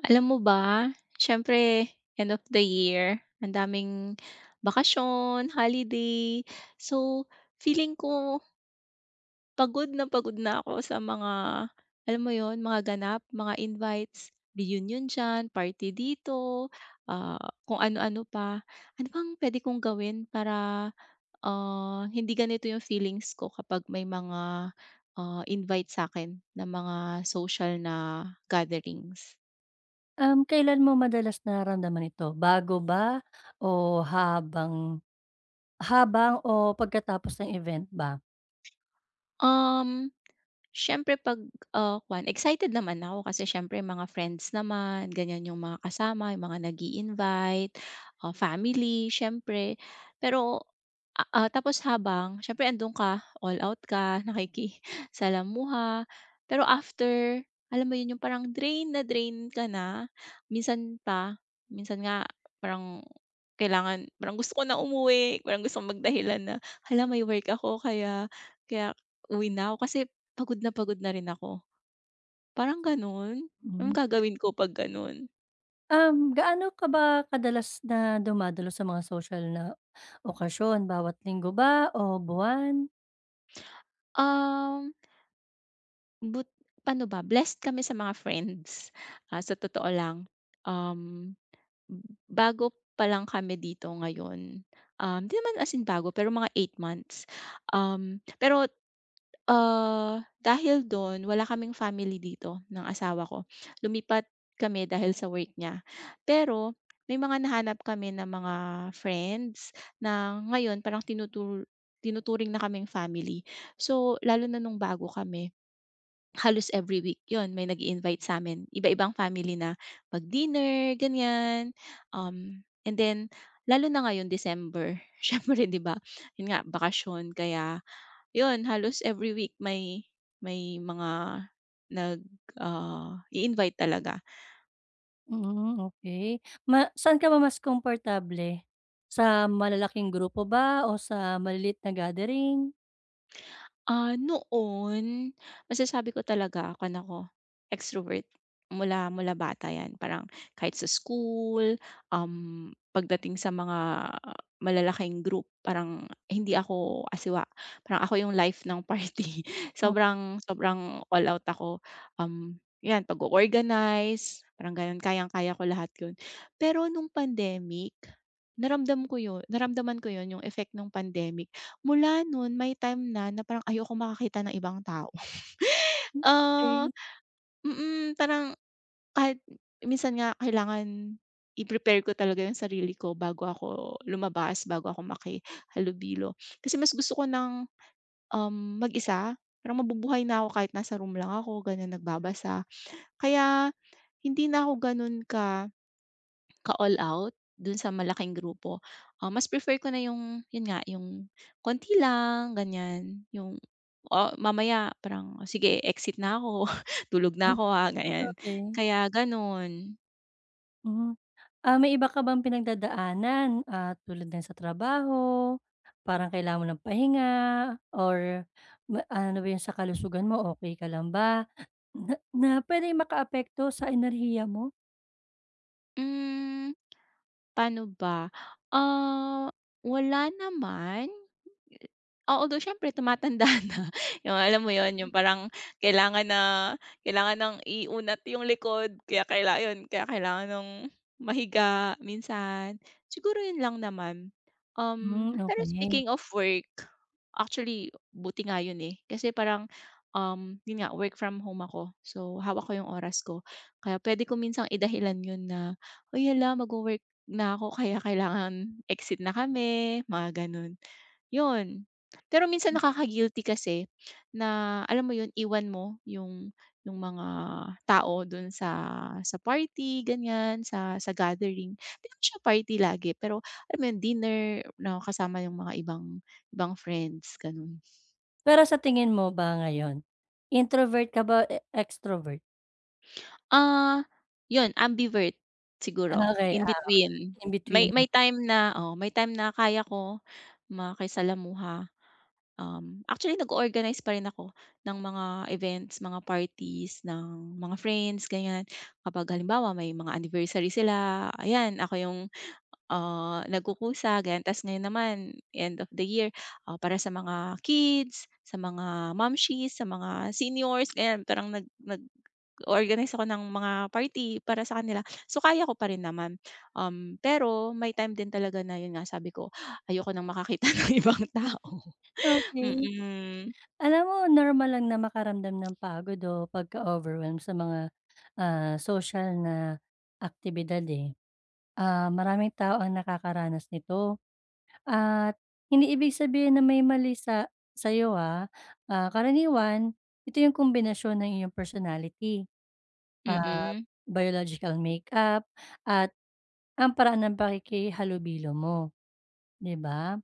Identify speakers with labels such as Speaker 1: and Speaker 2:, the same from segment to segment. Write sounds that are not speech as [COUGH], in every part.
Speaker 1: Alam mo ba siyempre end of the year ang daming bakasyon, holiday, so feeling ko Pagod na pagod na ako sa mga, alam mo 'yon? Mga ganap, mga invites, reunion diyan, party dito, ah, kung ano-ano pa. Ano pang puwede kong gawin para, ah, hindi ganito yung feelings ko kapag may mga, ah, invite sa'kin ng mga social na gatherings?
Speaker 2: Um, kailan mo madalas nararamdaman ito, bago ba o habang habang o pagkatapos ng event ba?
Speaker 1: Um, siyempre 'pag, ah, kuwan excited naman ako kasi siyempre mga friends naman ganyan yung mga kasama, yung mga nag-iinvite ah, family siyempre. Pero, ah, tapos habang siyempre andun ka, all out ka, nakikasalamuha pero after alam mo 'yon, yung parang drain na drain ka na. Minsan pa minsan nga parang kailangan parang gusto ko na umuwi, parang gusto kong magdahilan na, hala may work ako, kaya, kaya uwi na ako kasi pagod na pagod na rin ako. Parang gano'n anong
Speaker 2: Hmm.
Speaker 1: gagawin ko pag gano'n?
Speaker 2: Um, gaano ka ba kadalas na dumadalo sa mga sosyal na okasyon bawat linggo ba o buwan?
Speaker 1: Um But ano ba blessed kami sa mga friends, ah, sa totoo lang um, b bago pa lang kami dito ngayon, um, 'di naman as in bago pero mga 8 months um, pero ah, dahil do'n wala kaming family dito ng asawa ko, lumipat kami dahil sa work niya. Pero may mga nahanap kami na mga friends na ngayon parang tinutu tinuturing na kaming family so, lalo na nung bago kami. Halos every week yun may nag-iinvite sa'min iba-ibang family na mag-dinner ganyan um, and then lalo na ngayon December siyempre 'di ba? 'Yun nga bakasyon kaya yun halos every week may may mga nag ah, i-invite talaga.
Speaker 2: Mm, okey ma saan ka ba mas komportable? Sa malalaking grupo ba o sa maliliit na gathering?
Speaker 1: Ah, noon masasabi ko talaga kuwan ako extrovert mula mula bata yan parang kahit sa school, um, pagdating sa mga malalaking group parang hindi ako asiwa parang ako yung life ng party
Speaker 2: Okey.
Speaker 1: sobrang sobrang all out ako um yan pag-o-organize parang ganon kayang kaya ko lahat yun. Pero nung pandemic naramdam ko yun naramdaman ko yun yung effect nung pandemic mula nun may time na na parang ayokong makakita ng ibang tao, [CHUCKLES]
Speaker 2: Hmm,
Speaker 1: oh,
Speaker 2: okey.
Speaker 1: mm, parang kahit minsan nga kailangan i-prepare ko talaga yung sarili ko bago ako lumabas bago ako makihalobilo kasi mas gusto ko ng um mag-isa parang mabubuhay na ako kahit nasa room lang ako ganyan nagbabasa. Kaya hindi na ako ganun ka ka all out dun sa malaking grupo, ah, mas prefer ko na yung yun nga yung konti lang ganyan yung, o mamaya parang sige e-exit na ako tulog
Speaker 2: Hm,
Speaker 1: na ako,
Speaker 2: [SNORTS]
Speaker 1: ah, ganyan,
Speaker 2: okey.
Speaker 1: kaya ganun.
Speaker 2: Hmm, ah, may iba ka bang pinagdadaanan, ah, tulad ng sa trabaho, parang kailangan mo ng pahinga or ba ano ba 'yon sa kalusugan mo, okey ka lang ba na na puwedeng makaapekto sa enerhiya mo?
Speaker 1: Hmm, paano ba? Ah, wala naman. Oo, although siyempre tumatanda na, yung, alam mo 'yon,
Speaker 2: [UNINTELLIGIBLE]
Speaker 1: yung parang kailangan na kailangan ng iunat yung likod, kaya kaila 'yon, kaya kailangan ng mahiga minsan. Siguro 'yon lang naman. Um,
Speaker 2: Hmm,
Speaker 1: pero
Speaker 2: okey.
Speaker 1: speaking of work, actually buti nga 'yon eh, kasi parang 'yon nga work from home ako. So, hawak ko yung oras ko. Kaya puwede ko minsan idahilan 'yon na, "Hoy, hala, magwo-work na ako kaya kailangan exit na kami," mga gano'n. 'Yon pero minsan
Speaker 2: Hmm.
Speaker 1: nakaka-guilty kasi na, alam mo 'yon, iwan mo yung yung mga tao do'n sa sa party ganiyan, sa sa gathering, di naman siya party lagi pero alam mo 'yon, dinner na kasama yung mga ibang ibang friends, gano'n.
Speaker 2: Pero sa tingin mo ba ngayon introvert ka ba, e extrovert?
Speaker 1: Ah, 'yun ambivert siguro,
Speaker 2: Ah, okey.
Speaker 1: in
Speaker 2: Ah,
Speaker 1: between
Speaker 2: okey, in
Speaker 1: may
Speaker 2: between.
Speaker 1: may time na, oh, may time na kaya ko makisalamuha. Um, actually nag-o-organize pa rin ako ng mga events, mga parties ng mga friends ganiyan, kapag halimbawa may mga anniversary sila, ayan, ako 'yung, ah, nagkukusa ganiyan. Tas ngayon naman end of the year, ah, para sa mga kids, sa mga momshies, sa mga seniors, ganiyan, parang nag nag-o-organize ako ng mga party para sa kanila. So kaya ko pa rin naman, um, pero may time din talaga na 'yun nga sabi ko, ayoko ng makakita ng ibang
Speaker 2: Mhm.
Speaker 1: tao,
Speaker 2: Okey.
Speaker 1: mm.
Speaker 2: Alam mo normal lang na makaramdam ng pagod o pagka-overwhelm sa mga, ah, social na aktibidad, eh. Ah, maraming tao ang nakakaranas nito, at hindi ibig sabihin na may mali sa sa'yo, ah. Ah, karaniwan ito 'yung kumbinasyon ng iyong personality. Ah,
Speaker 1: Mm.
Speaker 2: biological makeup at ang paraan ng pakikihalubilo mo, di ba?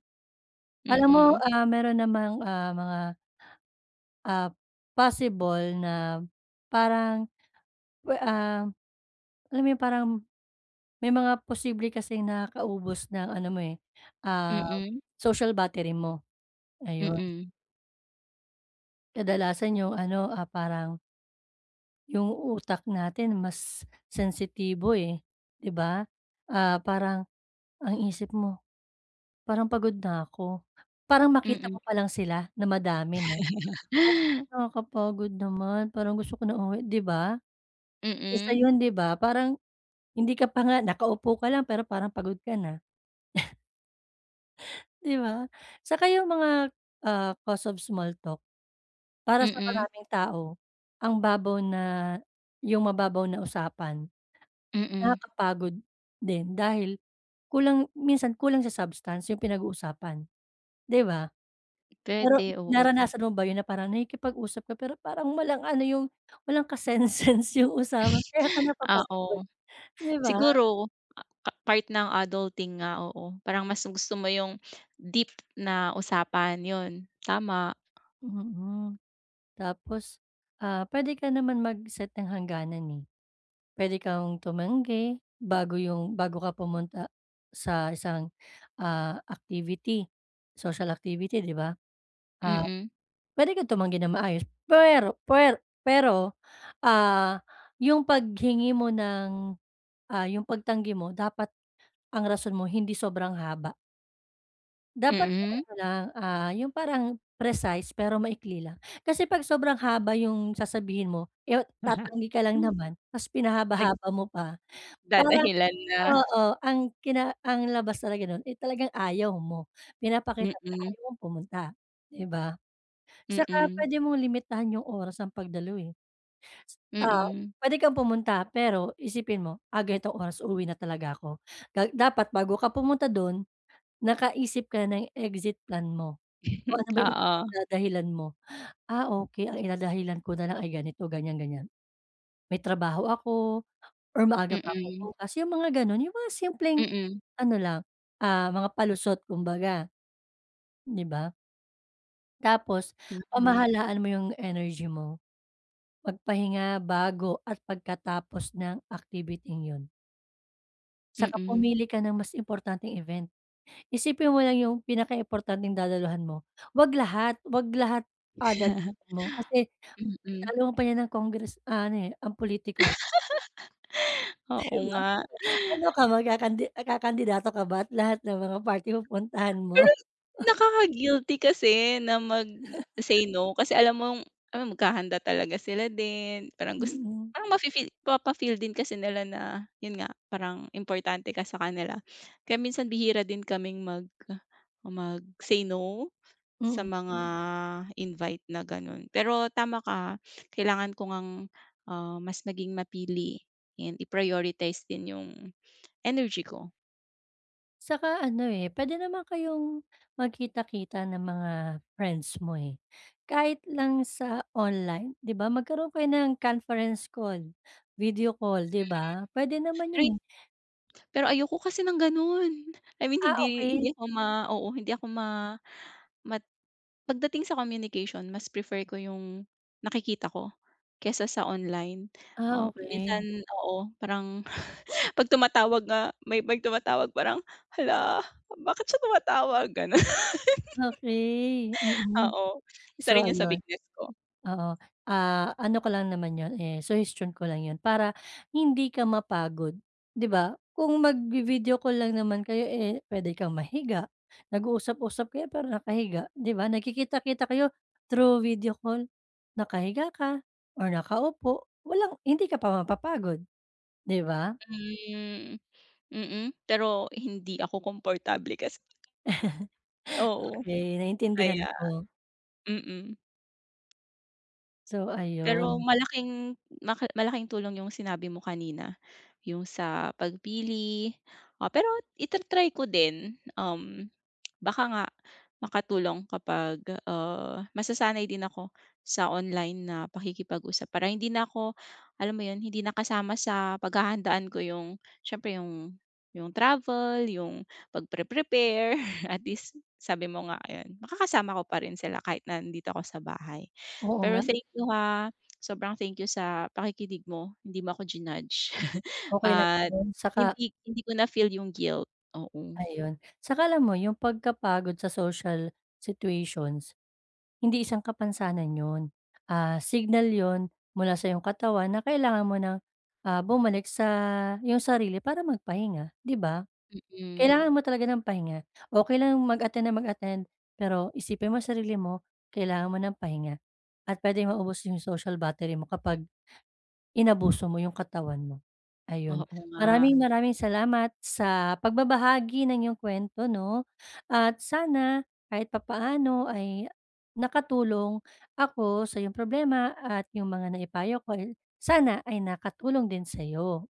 Speaker 2: Alam mo,
Speaker 1: Mm.
Speaker 2: ah, meron namang, ah, mga, ah, possible na parang, we ah, alam mo 'yung parang, may mga posible kasing nakakaubos ng ano mo, eh, ah,
Speaker 1: Mm.
Speaker 2: social battery mo, ayun.
Speaker 1: Mm.
Speaker 2: Kadalasan yung ano, ah, parang Yung utak natin mas sensitibo eh, 'di ba? Ah, parang ang isip mo, parang "Pagod na ko." Parang makita
Speaker 1: Mm.
Speaker 2: ko pa lang sila na madami 'no, parang,
Speaker 1: [LAUGHS]
Speaker 2: "Nakakapagod naman parang gusto ko na umuwi," 'di ba? Isa
Speaker 1: Mm.
Speaker 2: yun 'di ba? Parang hindi ka pa nga nakaupo ka lang pero parang pagod ka na. [SNORTS] Di ba? Saka yung mga, ah, cause of small talk, para sa
Speaker 1: Mm.
Speaker 2: maraming tao ang babaw na yung mababaw na usapan,
Speaker 1: Mm.
Speaker 2: nakakapagod din dahil kulang minsan kulang sa substance yung pinag-uusapan, 'di ba? Pero
Speaker 1: Puwede oo.
Speaker 2: naranasan mo ba yun na parang nakikipag-usap ka pero parang walang ano yung walang ka-sense-sense yung usapan kaya ka
Speaker 1: [SNORTS]
Speaker 2: napapagod,
Speaker 1: Oo.
Speaker 2: 'di ba?
Speaker 1: Siguro a pa part ng adulting nga, oo. Parang mas gusto mo yung deep na usapan, yun tama.
Speaker 2: Mm. Tapos, ah, puwede ka naman mag-set ng hangganan eh. Puwede kang tumanggi, bago 'yong bago ka pumunta sa isang, ah, activity, social activity 'di ba? Ah,
Speaker 1: Mm.
Speaker 2: puwede kang tumanggi ng maayos pwero pwer pero, ah, 'yong paghingi mo ng, ah, 'yong pagtanggi mo dapat ang rason mo hindi sobrang haba. Dapat yung
Speaker 1: Mm.
Speaker 2: ano lang, ah, yung parang precise, pero maikli lang. Kasi pag sobrang haba yung sasabihin mo, yot tatanggi ka lang
Speaker 1: [CHUCKLES]
Speaker 2: naman, tas
Speaker 1: Nag
Speaker 2: pinahaba-haba mo pa. Parang
Speaker 1: dadahilan na.
Speaker 2: oo, ang kina ang labas talaga no'n eh talagang ayaw mo, pinapakita mo na
Speaker 1: Mm.
Speaker 2: ayaw mong pumunta, 'di ba? Saka
Speaker 1: Mm.
Speaker 2: puwede mong limitahan 'yong oras ng pagdalo eh. Ah,
Speaker 1: Mm.
Speaker 2: puwede kang pumunta pero isipin mo, "Ah, ganitong oras uuwi na talaga ako." Ga dapat bago ka pumunta dun, nakaisip ka na ng exit plan mo,
Speaker 1: Hmm,
Speaker 2: kung ano ba yung
Speaker 1: oo.
Speaker 2: idadahilan mo. "Ah, okey ang idadahilan ko nalang ay ganito, ganyan-ganyan," may trabaho ako or maaga pa ako
Speaker 1: Mm.
Speaker 2: bukas yung mga ganun, yung mga simpleng
Speaker 1: Mm.
Speaker 2: ano lang, ah, mga palusot kumbaga, di ba? Tapos,
Speaker 1: Tama.
Speaker 2: pamahalaan mo yung energy mo. Mag-pahinga bago at pagkatapos ng activiting yun. Saka
Speaker 1: Mm.
Speaker 2: pumili ka ng mas importanteng event. Isipin mo lang yung pinakaimportanteng dadaluhan mo, huwag lahat huwag lahat ah, [UNINTELLIGIBLE] dadaluhan mo kasi,
Speaker 1: [CHUCKLES] Mm.
Speaker 2: talo mo pa niyan ng Congress ano eh, ang pulitiko eh.
Speaker 1: [LAUGHS]
Speaker 2: 'Di
Speaker 1: Oo
Speaker 2: ba?
Speaker 1: nga.
Speaker 2: Ano ka mag-kakandi ah, kakandidato ka ba at lahat ng mga party pupuntahan mo?
Speaker 1: Pero
Speaker 2: [CHUCKLES]
Speaker 1: nakaka-guilty kasi na mag say no kasi alam mong alam maghahanda talaga sila din, parang gus
Speaker 2: Mm.
Speaker 1: parang mafe-feel, mapa-feel din kasi nila na yun nga, parang importante ka sa kanila, kaya minsan bihira din kaming mag mag say no, sa
Speaker 2: Mm.
Speaker 1: mga invite na ganon pero tama ka kailangan ko ngang ah, mas maging mapili and i-prioritize din yung, energy ko.
Speaker 2: Saka ano eh, puwede naman kayong magkita-kita ng mga friends mo eh, kahit lang sa online di ba magkaroon kayo ng conference call, video call di ba? Puwede naman
Speaker 1: Mm.
Speaker 2: yun
Speaker 1: Ay
Speaker 2: eh.
Speaker 1: pero ayoko kasi ng ganon, I mean
Speaker 2: Ah,
Speaker 1: hindi
Speaker 2: okey.
Speaker 1: hindi ako ma oo, hindi ako ma ma pagdating sa communication, mas prefer ko yung nakikita ko, kaysa sa online,
Speaker 2: Ah,
Speaker 1: ah, minsan
Speaker 2: okey.
Speaker 1: oo, parang [CHUCKLES] 'pag tumatawag nga may 'pag tumatawag parang "Hala, bakit siya tumatawag?" Ganon.
Speaker 2: Okey, mm.
Speaker 1: Oo isa
Speaker 2: So
Speaker 1: rin yun sa
Speaker 2: ayun
Speaker 1: weakness ko.
Speaker 2: oo ah, ano ko lang naman 'yon eh, suhestyon ko lang 'yon para hindi ka mapagod 'di ba? Kung magvi-video call lang naman kayo eh, puwede kang mahiga, nag-uusap-usap kayo pero nakahiga, 'di ba? Nagkikita-kita kayo through video call, nakahiga ka, or nakaupo, walang hindi ka pa mapapagod, 'di ba?
Speaker 1: Hmm, mm, pero hindi ako komportable kasi.
Speaker 2: [CHUCKLES]
Speaker 1: Oo.
Speaker 2: Okey, naintindihan
Speaker 1: Kaya
Speaker 2: ko.
Speaker 1: mm.
Speaker 2: So,
Speaker 1: Pero
Speaker 2: ayun.
Speaker 1: malaking, ma malaking tulong 'yung sinabi mo kanina, 'yung sa pagpili o pero i-ta-try ko din, um, baka nga makatulong kapag, ah, masasanay din ako sa online na pakikipag-usap. Para hindi na ako, alam mo 'yon, hindi nakasama sa paghahandaan ko 'yung siyempre 'yung 'yung travel, 'yung pag pre-prepare [CHUCKLES] at least sabi mo nga ayun, makakasama ko pa rin sila kahit nandito ako sa bahay.
Speaker 2: Oo
Speaker 1: Pero
Speaker 2: nga.
Speaker 1: thank you, ha, sobrang thank you sa pakikinig mo, hindi mo ako ji-nudge [CHUCKLES]
Speaker 2: Okey lang
Speaker 1: at
Speaker 2: 'yon, saka
Speaker 1: hindi hindi ko na feel 'yung guilt, oo.
Speaker 2: Ayun, 'tsaka alam mo yung pagkapagod sa social situations, hindi isang kapansanan 'yon, ah, signal 'yon mula sa iyong katawan, na kailangan mo ng, ah, bumalik sa 'yong sarili para magpahinga, di ba?
Speaker 1: Mm
Speaker 2: Kailangan mo talaga ng pahinga o kailangan mo mag-attend nang mag-attend, pero isipin mo ang sarili mo kailangan mo ng pahinga, at puwedeng maubos 'yung social battery mo kapag, inabuso mo 'yung katawan mo. Ayun,
Speaker 1: Oo nga.
Speaker 2: maraming-maraming salamat sa pagbabahagi ng iyong kuwento 'no, at sana kahit papaano ay nakatulong ako sa iyong problema at 'yung mga naipayo ko, eh, sana ay nakatulong din sa'yo.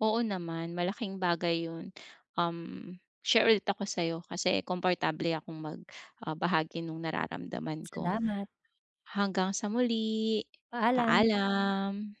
Speaker 1: Oo naman, malaking bagay 'yon. Um, share ulit ako sa'yo kasi komportable akong mag, ah, bahagi no'ng nararamdaman ko.
Speaker 2: Salamat.
Speaker 1: Hanggang sa muli,
Speaker 2: Paalam.
Speaker 1: paalam.